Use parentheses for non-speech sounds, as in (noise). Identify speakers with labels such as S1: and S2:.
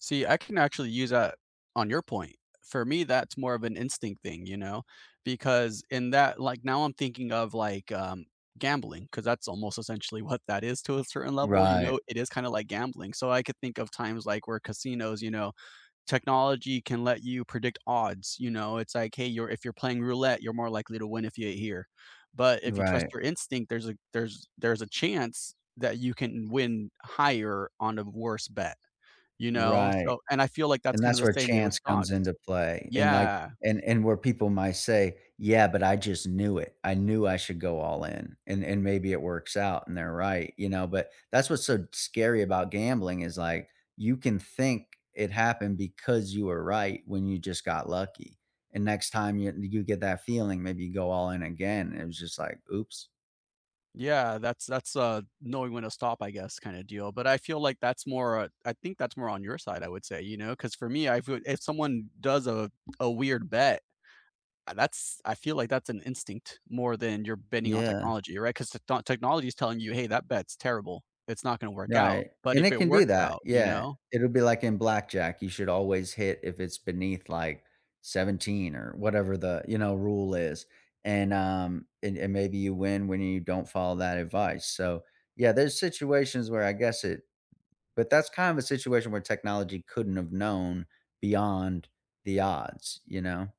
S1: See, I can actually use that on your point. For me, that's more of an instinct thing, you know? Because in that like now I'm thinking of, like, um, gambling 'cause that's almost essentially what that is, to a certain level, you
S2: Right.
S1: know? It is kinda like gambling. So I could think of times, like, where casinos, you know technology can let you predict odds, you know, it's, like, "Hey, you're if you're playing roulette, you're more likely to win if you (unintelligible) here. But if you trust
S2: Right.
S1: your instinct, there's a there's there's a chance that you can win higher on a n worse bet, you know?
S2: Right.
S1: So and I feel like that's
S2: And
S1: kinda
S2: that's
S1: the
S2: where
S1: same way with
S2: chance comes into
S1: dogs.
S2: play and, like
S1: Yeah.
S2: and and where people might say, "Yeah, but I just knew it. I knew I should go all in." And and maybe it works out and they're right, you know? But that's what's so scary about gambling is like, you can think it happened because you were right when you just got lucky. And next time you n you get that feeling, "Maybe go all in again." It was just like, "Oops."
S1: Yeah. That's that's, uh, knowing when to stop, I guess, kinda deal. But I feel like that's more I think that's more on your side, I would say, you know, 'cause for me, I feel, e if someone does a a weird bet, a that's I feel like that's an instinct more than you're betting on
S2: Yeah.
S1: technology, right? 'Cause the techno technology's telling you, "Hey, that bet's terrible. It's not gonna work out.
S2: Right.
S1: But
S2: And
S1: if
S2: it
S1: it
S2: can do
S1: works
S2: that.
S1: out" you
S2: Yeah.
S1: know?
S2: It'll be like in blackjack; you should always hit if it's beneath, like, 17 or whatever the, you know, rule is. And um, and and maybe you win when you don't follow that advice. So, yeah, there's situations where I guess it but that's kind of a situation where technology couldn't have known beyond the odds, you know?